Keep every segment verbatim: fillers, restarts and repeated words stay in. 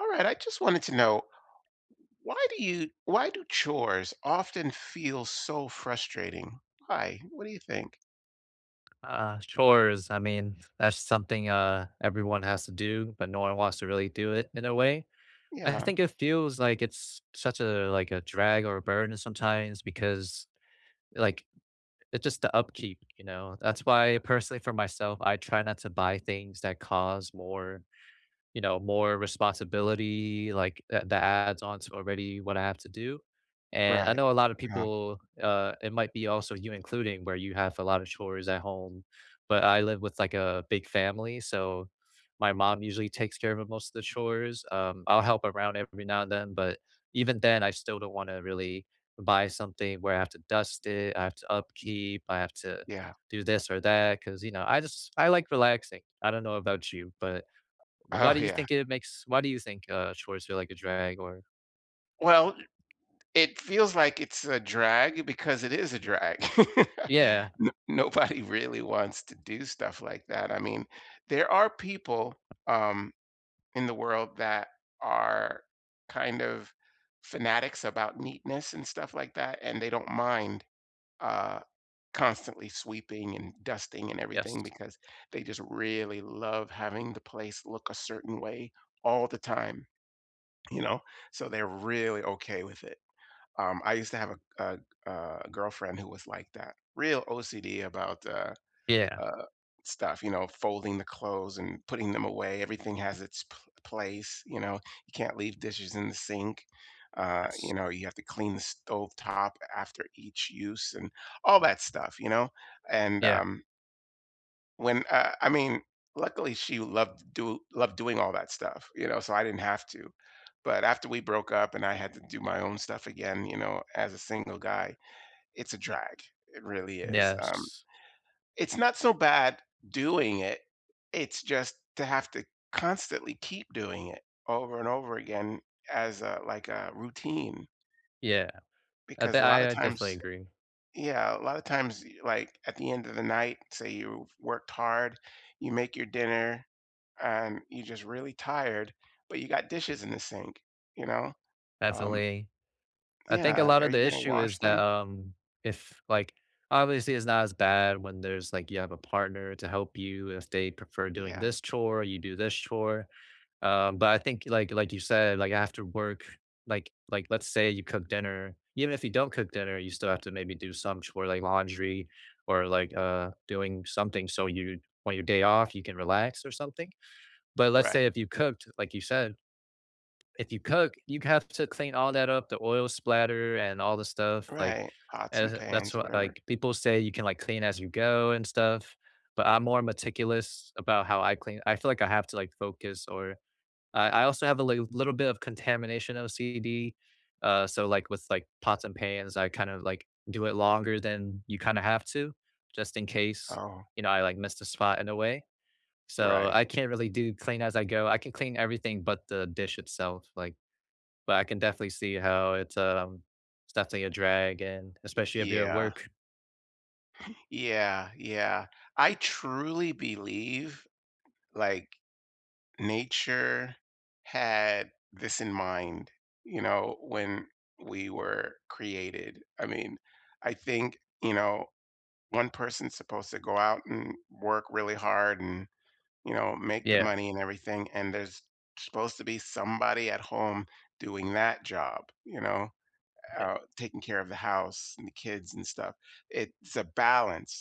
Alright, I just wanted to know, why do you why do chores often feel so frustrating? Why? What do you think? Uh, chores. I mean, that's something, uh, everyone has to do, but no one wants to really do it, in a way. I Yeah. think it feels like it's such a, like, a drag or a burden sometimes, because, like, it just the upkeep, you know? That's why, personally for myself, I try not to buy things that cause more, you know, more responsibility, like, a that adds on to already what I have to do. And I Right. know a lot of Yeah. people, uh, it might be also you including, where you have a lot of chores at home, but I live with, like, a big family, so, my mom usually takes care of of most of the chores. Um, I'll help around every now and then, but, even then, I still don't wanna really buy something where I have to dust it, I have to upkeep, I have to Yeah. do this or that, 'cause, you know, I just I like relaxing. I don't know about you, but why Oh, do you yeah. think it makes why do you think, uh, chores feel like a drag, or Well, i it feels like it's a drag because it is a drag. Yeah. No nobody really wants to do stuff like that, I mean, there are people, um, in the world that are kind of fanatics about neatness and stuff like that, and they don't mind, uh, constantly sweeping and dusting and everything Yes. because they just really love having the place look a certain way all the time, you know? So they're really okay with it; um, I used to have a g a g a girlfriend who was like that, real OCD about, uh, Yeah. uh, stuff, you know, folding the clothes and putting them away, everything has its p place, you know, you can't leave dishes in the sink, uh, Yes you know, you have to clean the stove top after each use and all that stuff, you know, and, Yeah. um when uh, I mean, luckily she loved do loved doing all that stuff, you know, so I didn't have to, but after we broke up and I had to do my own stuff again, you know, as a single guy, it's a drag. It really is, um, Yes. it's not so bad doing it, it's just to have to constantly keep doing it over and over again as a like a routine. Yeah, I Because de a lotta I definitely times agree. yeah, a lotta times, like, at the end of the night, say you've worked hard, you make your dinner, and you're just really tired, but you got dishes in the sink, you know? Um Definitely. I think a Yeah, lot are of the you gonna issue wash is that, them? um, if, like obviously it's not as bad when there's like, you have a partner to help you if they prefer doing Yeah. this chore, you do this chore, um, but I think like like you said, like after work, like like, let's say you cook dinner, even if you don't cook dinner, you still have to maybe do some chore like laundry or like, uh, doing something so you on your day off you can relax or something, but let's Right. say if you cooked like you said, if you cook, you have to clean all that up, the oil splatter and all the stuff like, Right, pots and as, that's pans or what whatever. like people say you can, like, clean as you go and stuff, but I'm more meticulous about how I clean, I feel like I have to like focus or I I also have a li little bit of contamination OCD, uh, so like, with, like, pots and pans, I kind of, like, do it longer than you kinda have to, just in case, Oh. you know, I, like, missed a spot in a way; so, Right. I can't really do clean as I go. I can clean everything but the dish itself, like, but I can definitely see how it's, um, it's definitely a drag and Y especially if you're at Yeah. work. Yeah, yeah. I truly believe, like, nature had this in mind, you know, when we were created, I mean, I think, you know, one person's supposed to go out and work really hard and, you know, make the Yeah. money and everything, and there's supposed to be somebody at home doing that job, you know, u Yeah. uh, taking care of the house and the kids and stuff. It's a balance,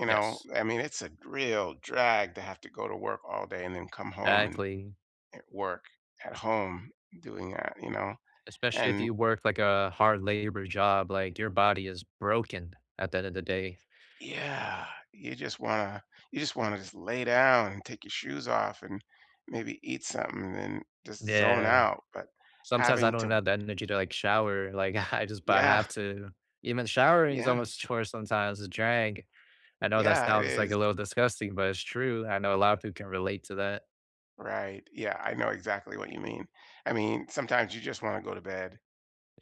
you know, Yes. I mean, it's a real drag to have to go to work all day and then come home and Exactly. and work at home, doing that, you know, Especially and if you work like a hard-labor job, like, your body is broken at the end of the day. Yeah, you just wanna you just wanna just lay down and take your shoes off and maybe eat sumthin and then just zone Yeah, out, but sometimes I having don't to have the energy to like shower, like, I jus but I Yeah. have to. Even showering is Yeah. almost a chore, sometimes a drag. I know that Yeah, it sounds like is. a little disgusting but it's true, I know a lotta people can relate to that. Right, yeah, I know exactly what you mean. I mean, sometimes you just wanna go to bed,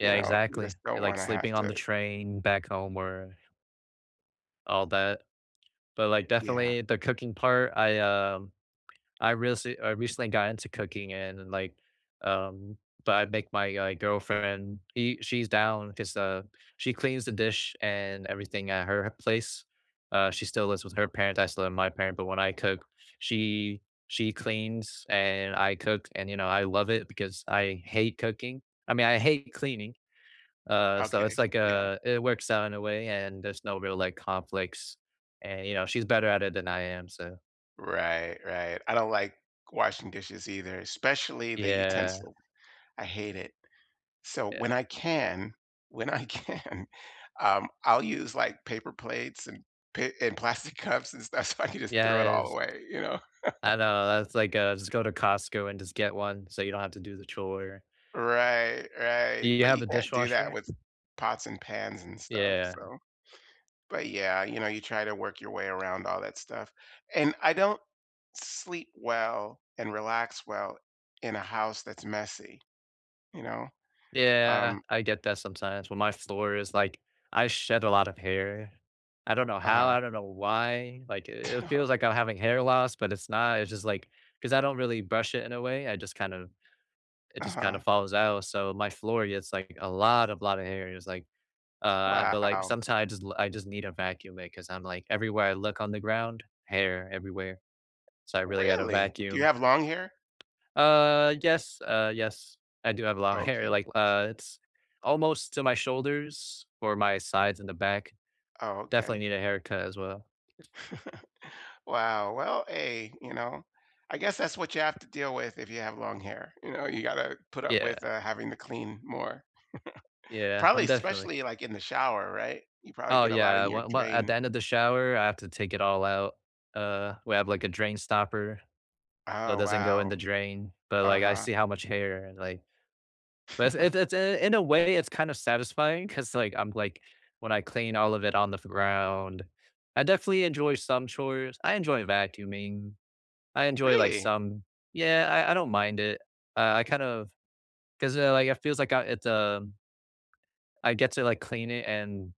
you know, you exactly, just it don't like wanna have sleeping on the to train back home or all that, but like Yeah. definitely the cooking part I, um I rece I recently got into cooking and like, um but I make my, uh, girlfriend, he she's down 'cause, uh, she cleans the dish and everything at her place. Uh, she still lives with her parents, I still live with my parent, but when I cook, she she cleans and I cook and, you know, I love it because I hate cooking I mean, I hate cleaning, uh, so Okay, it's like, yeah. uh, it works out in a way and there's no real, like, conflicts, and, you know, she's better at it than I am, so Right, right. I don't like washing dishes either, especially the Yeah. utensil. I hate it. So, Yeah. when I can when I can, um, I'll use, like, paper plates and pa and plastic cups and stuff, so I can just throw it all Yes. away, you know. I know that's, like, uh, just go to Costco and just get one, so you don't have to do the chore. Right, Do right, you but have you a can't do that dishwasher? with pots and pans and stuff, Yeah. so but yeah, you know, you try to work your way around all that stuff, and I don't sleep well and relax well in a house that's messy, you know. Yeah, Um I get that sometimes, when my floor is like I shed a lot of hair. I don't know how, Uh-huh. I don't know why, like i T it Yeah feels like I'm having hair loss, but it's not, it's just, like 'cause I don't really brush it in a way, I just, kind of it just, kind Uh-huh. of, falls out, so my floor gets like a lot of lot of hair, it's like, uh but, like, Wow. sometimes I just I just need to vacuum it 'cause I'm, like, everywhere I look on the ground, hair everywhere, so I really gotta Really? Do you vacuum. have long hair? Uh, yes uh yes. I do have a lot of hair, Okay. like, uh, it's almost to my shoulders or my sides and the back, Oh, definitely okay. need a haircut as well. Is Wow, well, hey, you know, I guess that's what you have to deal with if you have long hair, you know, you gotta put up Yeah. with, uh, having to clean more. Yeah, Probably, I'm definitely especially like in the shower, right? You probably Oh, get a lot yeah, in your well well, at the drain. end of the shower, I have to take it all out, uh, we have like a drain stopper. So it Oh doesn't go in the wow. drain, but, like, I Uh-huh. see how much hair and, like But it's it's it's in a way it's kind of satisfying 'cause, like, I'm like, when I clean all of it on the f ground, I definitely enjoy some chores, I enjoy vacuuming. I enjoy like Really? some Yeah, I I don't mind it, uh, I kind of 'cause, eh, like, it feels like, uh it's um I get to, like, clean it and,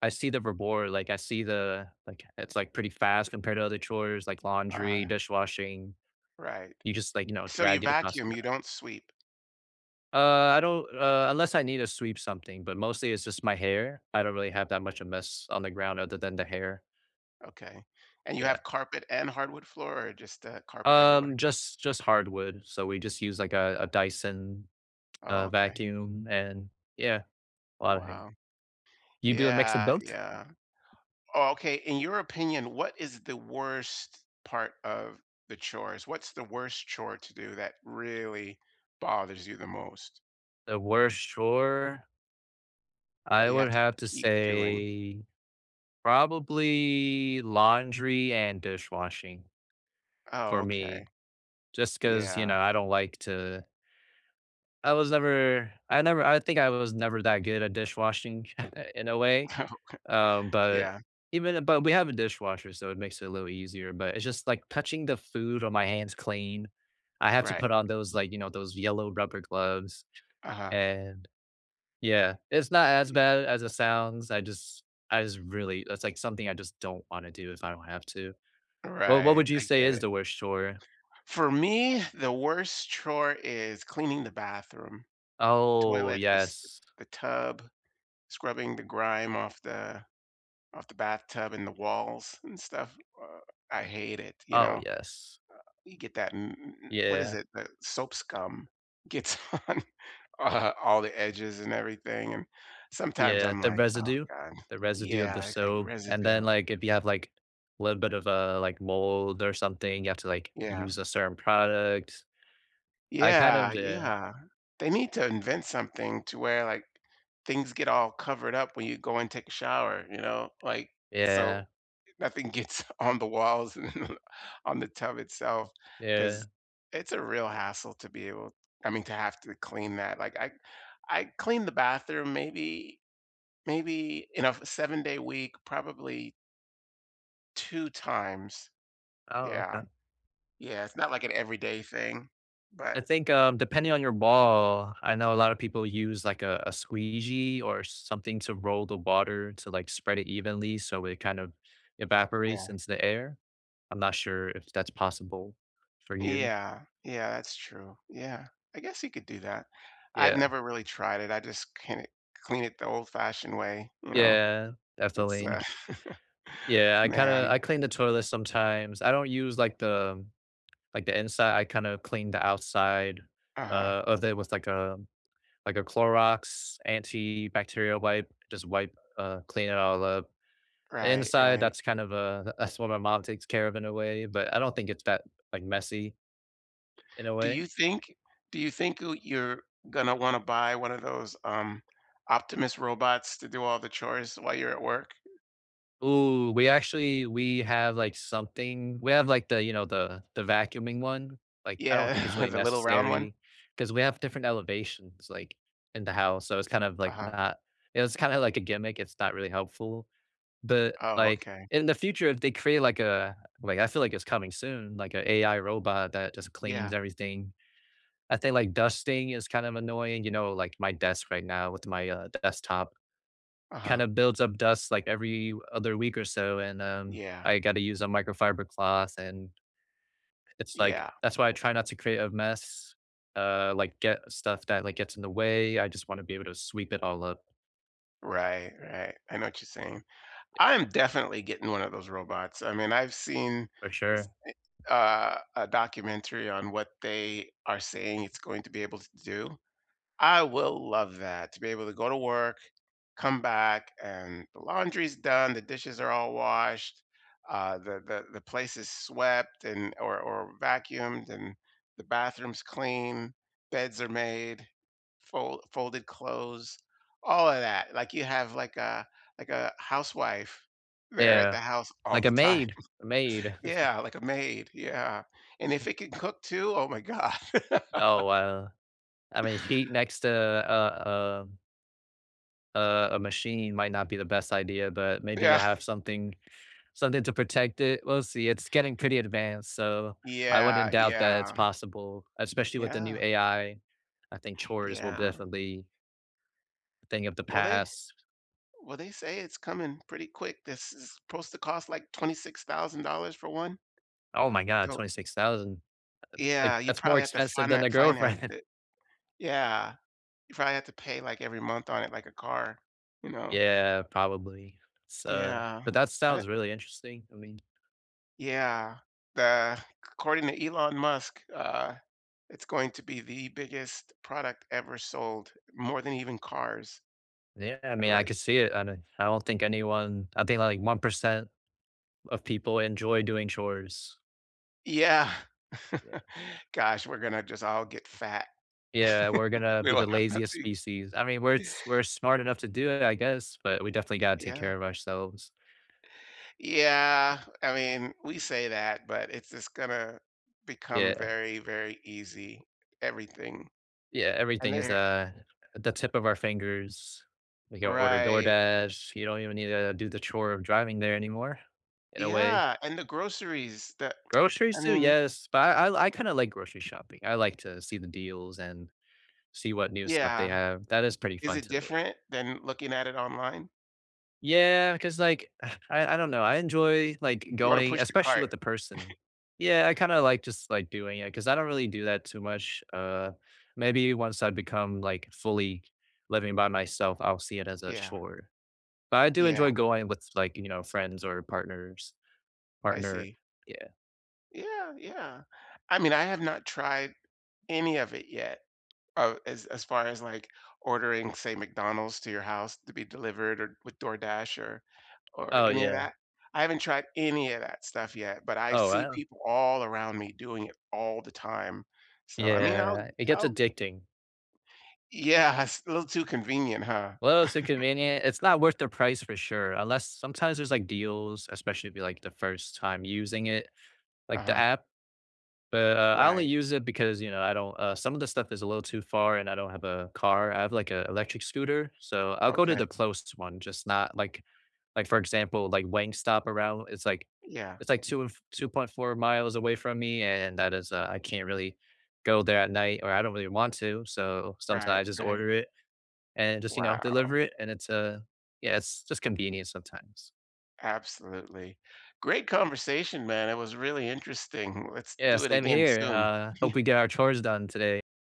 I see the reward, like, I see the like, it's like pretty fast compared to other chores like laundry, Uh dishwashing. Right. You just like, you know, So you drag it across vacuum, the. you [unintelligible] don't sweep. Uh, I don't, uh, unless I need to sweep something, but mostly it's just my hair. I don't really have that much of mess on the ground other than the hair. Okay, and you Yeah. have carpet and hardwood floor, or just, uh, carpet everywhere? Um, just just hardwood, so, we just use, like, a a Dyson, Oh, uh, okay. vacuum, and yeah, a lotta hair. Wow. You do a mix of Yeah, both? yeah. Oh, okay, in your opinion, what is the worst part of the chores? What's the worst chore to do that really bothers you the most? The worst chore? That I you have would to have to keep doing. say, probably laundry and dishwashing, for Oh, okay. me, just 'cause, you Yeah. know, I don't like to I was never I never I think I was never that good at dishwashing in a way, Oh, okay. um, but Yeah. even eh, but we have a dishwasher, so it makes it a little easier, but it's just like touching the food on my hands clean. I have to Right. put on those like, you know, those yellow rubber gloves Uh-huh and yeah, it's not as I bad as it sounds, I just I just really it's like something I just don't wanna do if I don't have to. Well, what Right, would you I say get is it. the worst chore? For me, the worst chore is cleaning the bathroom, Oh, toilet, the s yes. the tub, scrubbing the grime off the off the bathtub and the walls and stuff, uh, I hate it, you Oh, know. yes. Eh, you get that m m m what is Yeah. it, the soap scum gets on, uh, all the edges and everything, and sometimes Yeah, I'm the like, "Oh, residue God." the residue of the Yeah, it's like soap, and then, residue. like, if you have, like, a little bit of, uh, like, mold or something, you have to, like, Yeah. use a certain product. I kind of Yeah. d Yeah. They need to invent something to where, like, things get all covered up when you go and take a shower, you know, like, so, Yeah. eh, nothing gets on the walls, on the tub itself Yeah. 'cause it's a real hassle to be able I mean, to have to clean that, like I I clean the bathroom maybe, maybe in a f seven-day week, probably two times. Oh, Yeah. okay. Yeah, it's not like an everyday thing, but I think, um, depending on your ball, I know a lotta people use like, uh, a squeegee or something to roll the water to like spread it evenly, so it kind of evaporates Yeah. into the air. I'm not sure if that's possible for you. Yeah, yeah, that's true. Yeah. I guess you could do that. I've Yeah. never really tried it. I just clean it clean it the old-fashioned way, you know. Yeah, It's, uh definitely. Yeah, I kinda man. I clean the toilet sometimes. I don't use like the like the inside. I kinda clean the outside, Uh-huh. uh, of it was like a like a Clorox antibacterial wipe, just wipe uh, clean it all up. The Right, inside, right. that's kind of a that's what my mom takes care of in a way, but I don't think it's that, like, messy in a Do way. you think do you think o you're gonna wanna buy one of those, um, Optimus robots to do all the chores while you're at work? Ooh, we actually we have, like, something we have like the, you know, the the vacuuming one, like I don't think it's Yeah, really the little round one? necessary 'cause we have different elevations, like, in the house, so it's kind of like Uh-huh. not it's kinda like a gimmick, it's not really helpful, but Oh, like okay. in the future if they create like a like I feel like it's coming soon, like a AI robot that just cleans Yeah. everything. I think, like, dusting is kind of annoying, you know, like my desk right now with my, uh, desktop. Kinda Uh-huh. builds up dust like every other week or so, and, um, Yeah. I gotta use a microfiber cloth and it's like Yeah. that's why I try not to create a mess, uh, like get stuff that, like, gets in the way. I just wanna be able to sweep it all up. Right, right, I know what you're saying. I Yeah. am definitely getting one of those robots, I mean, I've seen, For s sure. eh uh, a documentary on what they are saying it's going to be able to do. I will love that to be able to go to work, come back, and the laundry is done, the dishes are all washed, uh, the the the place is swept and or or vacuumed, and the bathroom's clean, beds are made, fol folded clothes all of that, like you have, like, a like a housewife there at Yeah. the house all Like the a time. maid a maid, uh, that's, um Yeah, like a maid, yeah, and if it can cook too, oh my God. Oh wow, I mean she next to uh, um Uh, a machine might not be the best idea, but maybe Yeah. they'll have something something to protect it, we'll see, It's getting pretty advanced, so I wouldn't Yeah, doubt that it's yeah. possible, especially with the new Yeah. AI. I think chores will Yeah. definitely thing of the Well, they past. well, they say it's coming pretty quick, this is supposed to cost like twenty six thousand dollars for one. Oh my God, Cool. twenty six thousand. uh, Yeah, like, you that's more probably have to expensive than finan a finance girlfriend. it. Yeah, you probably have to pay like every month on it like a car, you know. Yeah, probably s uh, Yeah, but that I sounds really interesting, I mean. Yeah, the c according to Elon Musk, uh, it's going to be the biggest product ever sold, more than even cars. Yeah, I Uh, mean, I like could see it. I don I don't think anyone I think like one percent of people enjoy doing chores. Yeah. Yeah. Gosh, we're gonna just all get fat. Yeah, we're gonna We be will the have laziest nothing. species. I mean, we're s we're smart enough to do it, I guess, but we definitely Y gotta take yeah. care of ourselves. Yeah. I mean, we say that, but it's just gonna become Yeah. very, very easy. Everything. Yeah, And everything is, they, eh uh, at the tip of our fingers. We can order Right. DoorDash, you don't even need to do the chore of driving there anymore, in a way. Yeah, and the groceries that Groceries I too, mean yes, but I I kinda like grocery shopping, I like to see the deals and see what new stuff they Yeah, have, that is pretty is fun it to me. different than looking at it online? Yeah, cause like, I I don't know, I enjoy like You oughta going push the especially cart. with a person. Yeah, I kinda like just like doing it 'cause I don't really do that too much, uh, maybe once I become like fully living by myself, I'll see it as a Yeah. chore, but I do Yeah. enjoy going with like, you know, friends or partners I partner, see. yeah. Yeah, yeah. I mean, I have not tried any of it yet, uh, as as far as like ordering, say, McDonald's to your house to be delivered or with DoorDash or or Oh, any of yeah. that. I haven't tried any of that stuff yet, but I Oh, see wow. people all around me doing it all the time, so, I mean, I'll Yeah, it gets I'll addicting. Yeah, it's a little too convenient, huh? Well, it's inconvenient, it's not worth their price for sure, unless sometimes there's like deals, especially if you're like the first time using it, like the Uh-huh. app but, uh, I only Right. use it because, you know, I don't uh, some of the stuff is a little too far and I don't have a car, I have like a electric scooter, so, I'll go to the Okay. closest one, just not like like for example, like Wingstop, around w it's like Yeah. it's like two and f two point four miles away from me and that is uh, I can't really go there at night or I don't really want to, so, sometimes Right, I just right. order it and just, you know, Wow. deliver it and it's, uh yeah, it's just convenient sometimes. Absolutely. Great conversation, man, it was really interesting. Let's Yeah, do it same again here, soon. uh, hope we get our chores done today.